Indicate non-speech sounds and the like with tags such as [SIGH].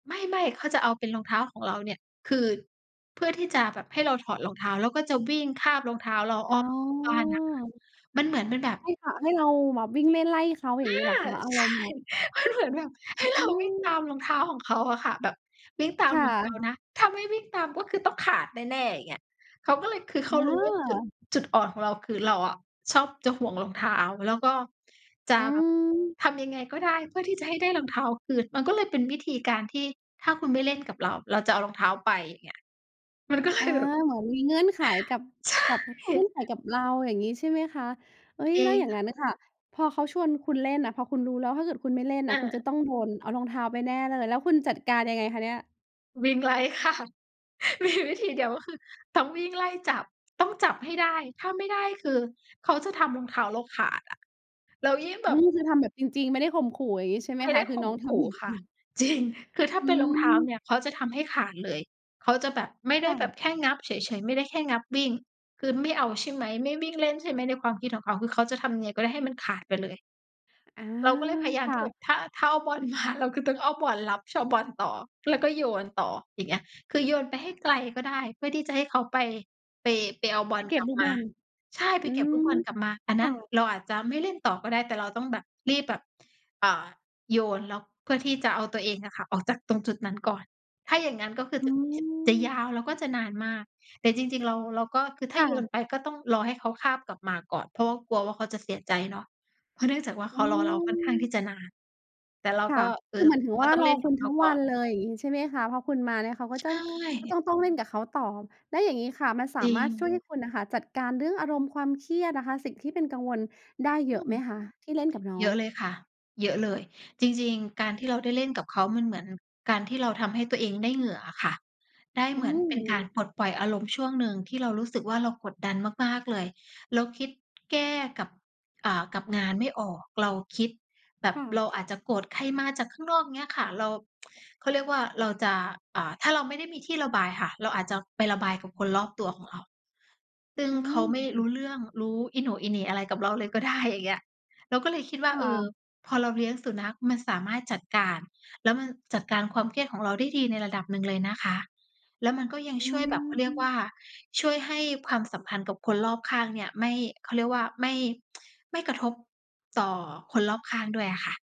ไม่ ๆ เขาจะเอาเป็นรองเท้าของเราเนี่ย คือ เพื่อที่จะแบบให้เราถอดรองเท้า แล้วก็จะวิ่งคาบรองเท้าเราออ๋้ออ ม บ้านน่ะค่ะ มันเหมือนเป็นแบบ ให้ ข ให้เราแบบวิ่งเล่นไล่เขา อยอ่าา งงี้เหรอคะ? อาใรช่ มณ์แบบ มันเหมือนแบบ ใหอ้เรืา วิ่งตาม มรองเท้าของเขาอะค่ะ แบบ วิ่งตาคม่ระ องเท้านะ ถ้าไม่วิ่งตามก็คือต้องขาดแน่ ๆ อย่างเงี้ย เขาก็เลย คือเอขารู้ว่าจุด า จุดอ่อนของเรา คือ เราอะชอบจะห่วงรองเท้า แล้วก็จะอืม ทำยังไงก็ได้เพื่อที่จะให้ได้รองเท้าคืน มันก็เลยเป็นวิธีการที่ ถ้าคุณไม่เล่นกับเรา เราจะเอารองเท้าไป เงี้ย มันก็ เลอา ยแบบ เหมือนมีเงื่อนไขกับ ใชกับ ่ เงื่อนไขกับเรา อย่างงี้ใช่ไหมคะ? เอ๊ย จรแลิ้วงอย่าคง่งะ ั้นน่ะค่ะ พอเขาชวนคุณเล่นน่ะ พอคุณรู้แล้ว ถ้าเกิดคุณไม่เล่นอน่ะ คุณจะา ต้องโดนเอารองเท้าไปแน่เลย แล้วคุณจัดการยังไงคะเนี่ย? วิ่งไล่ ค่ะ มีวิธีเดียวก็คือ ต้องวิ่งไล่จับ ต้องจับให้ได้ ถ้าไม่ได้คือเขาจะทำรองเท้าเราขาดอะ แล้วยิ่งแอบืบ ม คือทำแบบจริง ๆ ไม่ได้ข่มขู่ อย่างงี้ใช่ไไหมม่คไดะ? ้คืขอ่น้มองทขู่ำ จค่ระ ิง ๆ จริง คือถ้าอเืป็นรองเท้าม เนี่ยเขาจะทำให้ขาดเลย เขาจะแบบ ไม่ไดค้่แบบะ แค่งับเฉย ๆ ไม่ได้แค่งับวิ่ง คือไม่เอาใช่ไหม? ไม่วิ่งเล่นใช่ไหม? ในความคิดของเขา คือเขาจะทำยังไงก็ได้ให้มันขาดไปเลย อา เราก็เลยพยายาคมท่ี่แบะ บถ้า ถ้าเอาบอลมา เราก็ต้องเอาบอลรับ ชอบบอลต่อ แล้วก็โยนต่อ อย่างเงี้ย คือโยนไปให้ไกลก็ได้ เพื่อที่จะให้เขาไป ไป ไปเอาบไอปลเกก็ลบับลูกมบา อล ใช่ อไปืเก็บลูกบม อลกลับมา อันคนั้่นะ เราอาจจะไม่เล่นต่อก็ได้ แต่เราต้องแบบรีบแบบ อ่า โยน แล้วเพื่อที่จะเอาตัวเองอะค่ะออกจากตรงจุดนั้นก่อน ถ้าอย่างงั้นก็คืออืจะแบบจะยาม วแล้วก็จะนานมาก แต่จริง ๆ เรา เราก็คือถค้า่โยะ นไปก็ต้องรอให้เขาคาบกลับมาก่อน เพราะว่ากลัวว่า เขาจะเสียใจเนาะ เพราะเนื่องจากว่า เขอืารอเราค่อนข้างที่อ จะนาน แต่เราค่กะ ็ เอคอ ือหมายถึงกว็่า ต้องรอเล่นคกุับณเขทัา้งกว่อันน เลย อย่างงี้ ใช่ไหมคะ พอคุณมาเนี่ยเขาก็ใชจ้อง ก็่ จ้อง ต้องเล่นกับเขาต่อ แล้วอย่างงี้ค่ะ มันสาจริมารถชง ่วยให้คุณ น่ะค่ะจัดการเรื่องอารมณ์ความเครียดนะคะ สิ่งที่เป็นกังวลได้เอยอืะไม หมคะ? ที่เล่นกับน้อเยอะเง ลยค่ะ เยอะเลย จริง ๆ การที่เราได้เล่นกับเขา มันเหมือนการที่เราทำให้ตัวเองได้เหงื่ออะค่ะ ได้อืเหมือนเป็นการม ปลดปล่อยอารมณ์ช่วงหนึ่งที่เรารู้สึกว่า เรากดดันมาก ๆ เลย เราคิดแก้กับ อ่า กับงานไม่ออก เราคิด แบคบ่เระ าอาจจะโกรธใครมาจากข้างนอก เงี้ยค่ะ เรา [TSK] เขาเรียกว่า เราจะ อ่า ถ้าเราไม่ได้มีที่ระบายค่ะ เราอาจจะไประบายกับคนรอบตัวของเรา ซึ่งอืเขาไม่รม ู้เรื่อง รู้อีโหน่อีเหน่อะไรกับเราเลยก็ได้ อย่างเงี้ย เราก็เลยคิดว่คา ่เออ ะ พอเราเลี้ยงสุนัข มันสามารถจัดการ แล้วมันจัดการความเครียดของเราได้ดีในระดับหนึ่งเลยนะคะ แล้วมันก็ยังอืช่วยแบบ เขาเรียกว่ม า ช่วยให้ความสัมพันธ์กับคนรอบข้างเนี่ยไม่ เขาเรียกว่า ไม่ [TSK] ไม่กระทบต่อคนรอบข้างด้วยอะค่ะ